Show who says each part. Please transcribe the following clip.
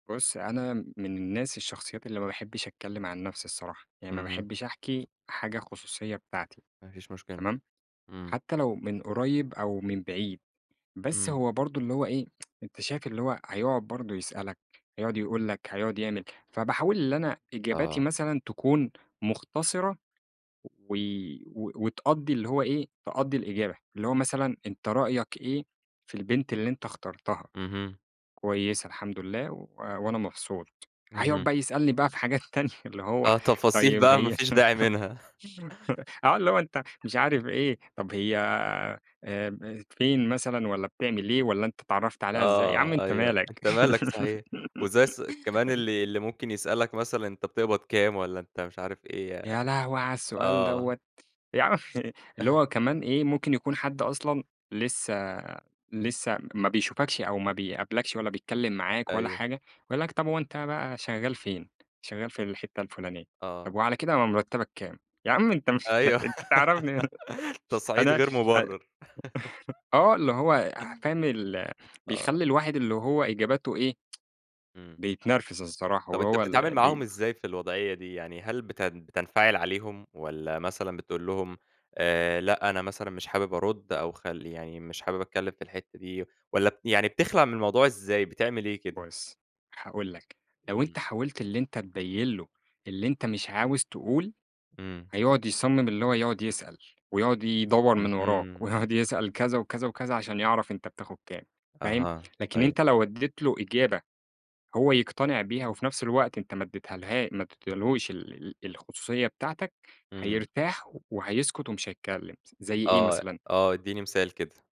Speaker 1: بُص أنا من الناس الشخصيات اللي ما باحبش أتكلّم عن نفْسي الصراحة، يعني ما
Speaker 2: اهم.
Speaker 1: باحبش أحكي حاجة خصوصية بتاعتي
Speaker 2: ما فيش مشكلة.
Speaker 1: تمام؟
Speaker 2: امم.
Speaker 1: حتى لو من قريب أو من بعيد، بس
Speaker 2: امم.
Speaker 1: هو برضه اللي هو إيه أنت شايف اللي هو هيقعد برضه يسألك هيقعد يقول لك، هيقعد يعمل، فباحاول اللي أنا إجابتي
Speaker 2: آه.
Speaker 1: مثلًا تكون مختصِرة و و وتقضّي اللي هو إيه تقضّي الإجابة، اللي هو مثلًا أنت رأيك إيه في البنت اللي أنت اخترتها؟
Speaker 2: اهم.
Speaker 1: كويسة الحمد لله و وأنا مبسوط، هيقعد
Speaker 2: اهم.
Speaker 1: بقى يسألني بقى في حاجات تانية اللي هو
Speaker 2: آه تفاصيل
Speaker 1: طيّب
Speaker 2: بقى ما
Speaker 1: هي
Speaker 2: فيش داعي منها.
Speaker 1: آه اللي هو أنت مش عارف إيه، طَب هي آمم فين مثلًا؟ والّا بتعمل إيه؟ والّا أنت اتعرفت عليها إزاي؟ يا عم
Speaker 2: آه
Speaker 1: أنت
Speaker 2: أيوه،
Speaker 1: مالَك!
Speaker 2: أنت مالك صحيح؟ وإزاي ص كمان
Speaker 1: [unintelligible]
Speaker 2: اللي اللي ممكن يسألك مثلًا أنت بتقبض كام؟ والّا أنت مش عارف إيه ي
Speaker 1: يا لهوي على السؤال
Speaker 2: آه.
Speaker 1: دوّة! يا عمّي! اللي هو كمان إيه؟ ممكن يكون حد أصلًا لسه لسه ما بيشوفكش أو ما بيقابلكش، ولا بيتكلّم معاك ولا
Speaker 2: أيوه.
Speaker 1: حاجة يقول لك: "طَب هو أنت بقى شغال فين؟" شغال في الحِتّة الفُلانية، طَب
Speaker 2: آه.
Speaker 1: وعلى كده م مرتّبك كام؟ يا عم أنت مالَك،
Speaker 2: أيوه
Speaker 1: أنت تعرفني!
Speaker 2: تصعيد
Speaker 1: أنا
Speaker 2: غير
Speaker 1: أ
Speaker 2: مبرر.
Speaker 1: آه اللي هو يع فاهم
Speaker 2: [unintelligible]
Speaker 1: ال
Speaker 2: آه.
Speaker 1: بيخلّي الواحد اللي هو إجاباته إيه
Speaker 2: امم.
Speaker 1: بيتنرفز الصراحة
Speaker 2: طَب أنت
Speaker 1: وهو
Speaker 2: بتتعامل
Speaker 1: اللي بي
Speaker 2: معاهم إزاي في الوضعية دي؟ يعني هل بتن بتنفعل عليهم؟ والّا مثلًا بتقول لهم آآ لأ أنا مثلًا مش حابب أرد، أو خل يعني مش حابب أتكلّم في الحِتّة دي؟ والّا ب يعني بتخلع من الموضوع إزاي؟ بتعمل إيه كده؟
Speaker 1: بُص هاقول لك، لو أنت
Speaker 2: امم.
Speaker 1: حاولت اللي أنت تبين له اللي أنت مش عاوز تقول،
Speaker 2: امم.
Speaker 1: هيقعد يصمّم اللي هو يقعد يسأل، ويقعد يدوّر من وَرَاك،
Speaker 2: اهم.
Speaker 1: ويقعد يسأل كذا وكذا وكذا عشان يعرف أنت بتاخد كام فاهم؟
Speaker 2: أها،
Speaker 1: لكن أنت
Speaker 2: أيوه.
Speaker 1: لو اديت له إجابة هو يقتنع بيها وفي نفْس الوقت أنت ما اديتهالها ما اديتهالهوش ال ال الخصوصية بتاعتك
Speaker 2: امم.
Speaker 1: هيرتاح و وهيسكت ومش هيتكلّم س زي إيه
Speaker 2: آه،
Speaker 1: مثلًا
Speaker 2: آه إدّيني مثال كده.